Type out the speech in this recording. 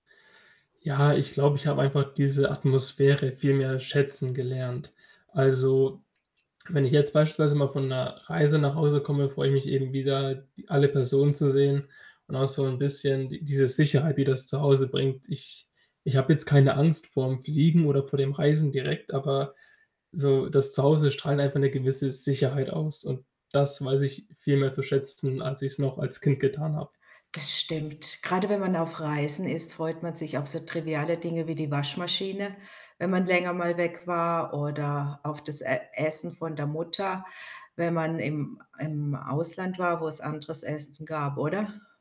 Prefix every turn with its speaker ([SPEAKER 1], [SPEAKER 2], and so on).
[SPEAKER 1] Ja, ich glaube, ich habe einfach diese Atmosphäre viel mehr schätzen gelernt. Also, wenn ich jetzt beispielsweise mal von 'ner Reise nach Hause komme, freue ich mich eben wieder, die alle Personen zu sehen und auch so 'n bisschen die diese Sicherheit, die das zu Hause bringt. Ich ich habe jetzt keine Angst vorm Fliegen oder vor dem Reisen direkt, aber so das zu Hause strahlt einfach 'ne gewisse Sicherheit aus und das weiß ich viel mehr zu schätzen, als ich's noch als Kind getan habe.
[SPEAKER 2] Das stimmt. Gerade wenn man auf Reisen ist, freut man sich auf so triviale Dinge wie die Waschmaschine, wenn man länger mal weg war oder auf das E Essen von der Mutter, wenn man im im Ausland war, wo es anderes Essen gab, oder?